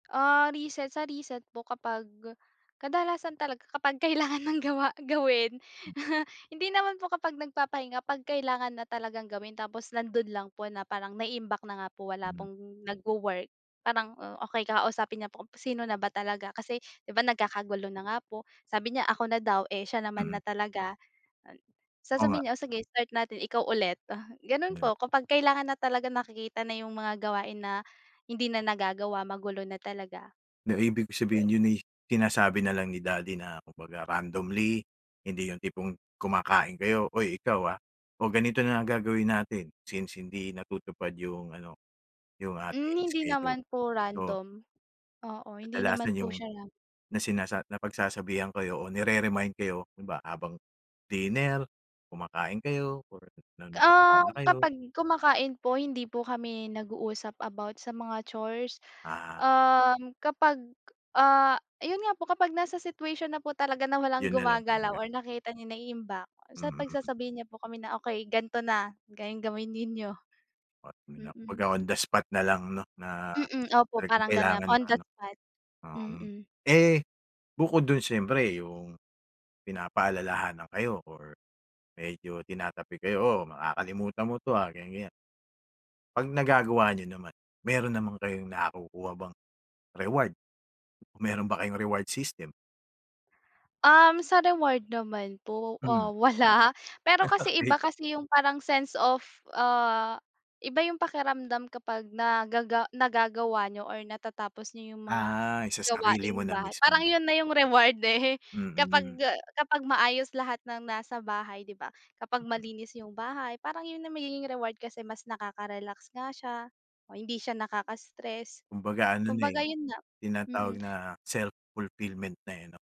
Ah, reset, sa reset po kapag, kadalasan talaga kapag kailangan ng gawa, gawin. Mm. Hindi naman po kapag nagpapahinga, 'pag kailangan na talagang gawin tapos nando'n lang po na parang naiimbak na nga po wala Hmm. pong nagwo-work. Parang, oh okey kausapin niya po kung sino na ba talaga, kasi 'di ba nagkakagulo na nga po, sabi niya ako na daw, eh siya naman na Mm. talaga. Oo nga. Sasabihin niya, o sige start natin, ikaw ulit. Gano'n Hmm. po kapag kailangan na talaga nakikita na yung mga gawain na hindi na nagagawa magulo na talaga. Na ibig ko sabihin, yon ay sinasabi na lang ni daddy na kumbaga randomly, hindi yung tipong kumakain kayo, "Oy ikaw ah, o ganito na ang gagawin natin since hindi natutupad yung ano, yung Hmm, ating hindi schedule." naman po So random. Oo, hindi naman Kadalasan po yung, siya ran na sinasa napagsasabihan kayo o nire-remind kayo, 'di ba habang, dinner, kumakain kayo or na ano, gala Um, kayo. kapag kumakain po hindi po kami nag-uusap about sa mga chores. Ah. Um, kapag, ah ayun nga po kapag nasa situation na po talaga na walang Yon na lang gumagalaw talaga. or nakita niya naiimbak, ah, sa Mm. pagsasabihin niya po kami na, "Okey ganto na, gan gawin ninyo". [unintelligible] Mm. Pagka on the spot na lang 'no na, Mm, opo. talagang Parang ganon, kailangan on na the ano. spot. Um, Mm. eh bukod do'n siyempre yung, pinapaalalahanan kayo or, medyo tinatapik kayo "O, makakalimutan mo 'to ah," ganiyan, ganiyan. 'Pag nagagawa niyo naman, mayro'n naman kayong nakukuha bang, reward, mayro'n ba kayong reward system? Um, sa reward naman po, Hmm. ah, wala. Pero kasi, Okey. iba kasi yung parang sense of, ah, iba yung pakiramdam kapag nagaga nagagawa niyo or natatapos niyo yung mga Ah, yung sa sarili mo na gawaing-bahay. Parang mismo. yon na yung reward, eh Mm. kapag, ah, kapag maayos lahat ng nasa bahay, 'di ba? Kapag Mm. malinis yung bahay parang yon na magiging reward kasi mas nakaka-relax nga siya, o hindi siya nakaka-stress, Kumbaga ano na, kumbaga eh, 'yon nga, mm. tinatawag na self-fulfillment na eh 'no?